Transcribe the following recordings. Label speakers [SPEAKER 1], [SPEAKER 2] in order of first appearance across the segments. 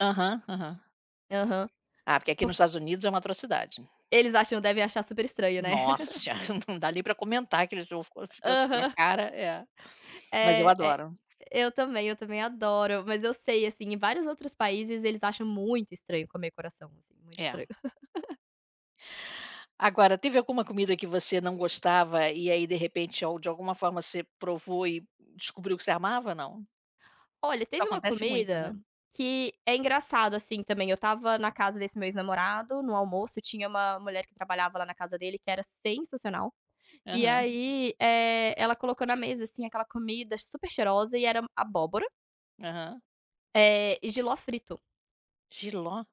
[SPEAKER 1] Aham, aham.
[SPEAKER 2] Aham,
[SPEAKER 1] Ah, porque aqui no
[SPEAKER 2] por
[SPEAKER 1] Estados Unidos é uma atrocidade.
[SPEAKER 2] Eles acham devem achar super estranho, né.
[SPEAKER 1] Nossa senhora, não dá nem pra comentar [unintelligible]
[SPEAKER 2] Aham.
[SPEAKER 1] cara é, mas eu
[SPEAKER 2] É, é
[SPEAKER 1] adoro.
[SPEAKER 2] eu também, eu também adoro. Mas eu sei, assim, em vários outros países eles acham muito estranho comer coração, assim, muito
[SPEAKER 1] É.
[SPEAKER 2] estranho.
[SPEAKER 1] Agora teve alguma comida que você não gostava, e aí de repente ou de alguma forma você provou e descobriu que você amava, não?
[SPEAKER 2] Olha,
[SPEAKER 1] Isso
[SPEAKER 2] teve uma
[SPEAKER 1] acontece muito, né.
[SPEAKER 2] comida que é engraçado, assim, também eu estava na casa desse meu ex-namorado, no almoço tinha uma mulher que trabalhava lá na casa dele que era sensacional, e
[SPEAKER 1] Aham.
[SPEAKER 2] aí, eh, ela colocou na mesa, assim, aquela comida super cheirosa e era abóbora
[SPEAKER 1] Aham.
[SPEAKER 2] eh, e jiló frito.
[SPEAKER 1] Jiló?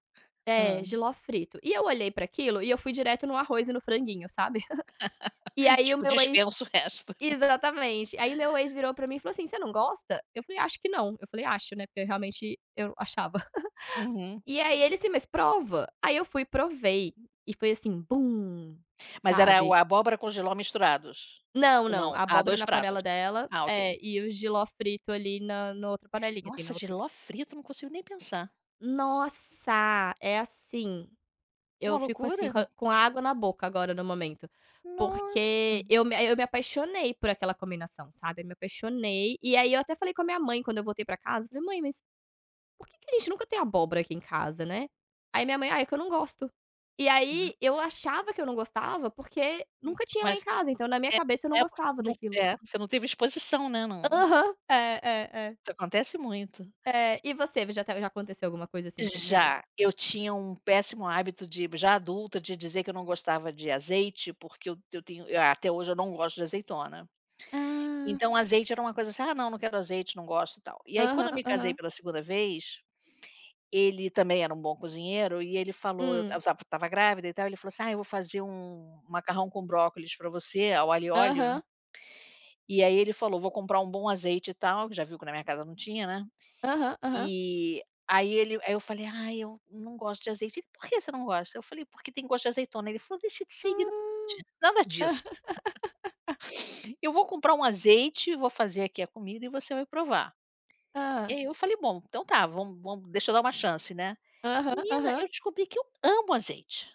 [SPEAKER 2] É,
[SPEAKER 1] Hã.
[SPEAKER 2] jiló frito. E eu olhei pra aquilo e eu fui direto no arroz e no franguinho, sabe. E aí o
[SPEAKER 1] Tipo,
[SPEAKER 2] meu ex
[SPEAKER 1] dispenso o resto.
[SPEAKER 2] exatamente, aí meu ex virou pra mim e falou assim: "Você não gosta?", eu falei: "Acho que não". Eu falei "acho", né, porque eu realmente eu achava.
[SPEAKER 1] Uhum.
[SPEAKER 2] E aí ele assim: "Mas prova", aí eu fui e provei e foi, assim, bum,
[SPEAKER 1] Mas era o
[SPEAKER 2] sabe.
[SPEAKER 1] a abóbora com jiló misturados?
[SPEAKER 2] Não, não,
[SPEAKER 1] Não,
[SPEAKER 2] a
[SPEAKER 1] ah,
[SPEAKER 2] abóbora
[SPEAKER 1] 2
[SPEAKER 2] na
[SPEAKER 1] pratos,
[SPEAKER 2] panela dela
[SPEAKER 1] ah ok.
[SPEAKER 2] é, e o jiló frito ali na na outra panelinha, assim,
[SPEAKER 1] Nossa,
[SPEAKER 2] na outra
[SPEAKER 1] jiló frito, não consigo nem pensar.
[SPEAKER 2] Nossa! É, assim,
[SPEAKER 1] É uma
[SPEAKER 2] eu fico, assim,
[SPEAKER 1] loucura.
[SPEAKER 2] com a com a água na boca agora no momento,
[SPEAKER 1] Nossa!
[SPEAKER 2] porque eu me eu me apaixonei por aquela combinação, sabe, eu me apaixonei. E aí eu até falei com a minha mãe quando eu voltei pra casa, falei: "Mãe, mas por que que a gente nunca tem abóbora aqui em casa", né, aí minha mãe "Ah, é que eu não gosto". E aí eu
[SPEAKER 1] [unintelligible]
[SPEAKER 2] achava que eu não gostava, porque
[SPEAKER 1] Hum,
[SPEAKER 2] nunca tinha lá em
[SPEAKER 1] mas
[SPEAKER 2] casa, então na minha cabeça eu não gostava daquilo.
[SPEAKER 1] [unintelligible] você não teve exposição, né, no
[SPEAKER 2] Aham, é, é, é.
[SPEAKER 1] Isso acontece muito.
[SPEAKER 2] É. E você [unintelligible] já aconteceu alguma coisa assim contigo?
[SPEAKER 1] Já. Eu tinha um péssimo hábito de já adulta, de dizer que eu não gostava de azeite, porque eu eu tenho até hoje eu não gosto de azeitona.
[SPEAKER 2] Ah.
[SPEAKER 1] Então azeite era uma coisa, assim "Ah, não. Não quero azeite, não gosto e tal" e aí quando eu
[SPEAKER 2] Aham,
[SPEAKER 1] me casei
[SPEAKER 2] aham.
[SPEAKER 1] pela 2º vez, ele também era um bom cozinheiro e ele falou eu ta eu
[SPEAKER 2] Hum.
[SPEAKER 1] estava estava grávida e tal, ele falou assim: "Ah, eu vou fazer um um macarrão com brócolis pra você, ao alho e óleo"
[SPEAKER 2] Aham.
[SPEAKER 1] e aí ele falou: "Vou comprar um bom azeite e tal", que já viu que na minha casa não tinha, né.
[SPEAKER 2] Aham, aham.
[SPEAKER 1] E aí ele aí eu falei: "Ai, eu não gosto de azeite". "E por que você não gosta?". Eu falei: "Porque tem gosto de azeitona". Ele falou: "Deixa de ser [unintelligible]
[SPEAKER 2] Ah!
[SPEAKER 1] nada disso". "Eu vou comprar um azeite, vou fazer aqui a comida e você vai provar". E
[SPEAKER 2] Hã.
[SPEAKER 1] aí eu falei: "Bom, então tá, vamos vamos deixa eu dar uma chance, né".
[SPEAKER 2] Aham,
[SPEAKER 1] Menina,
[SPEAKER 2] aham.
[SPEAKER 1] eu descobri que eu amo azeite.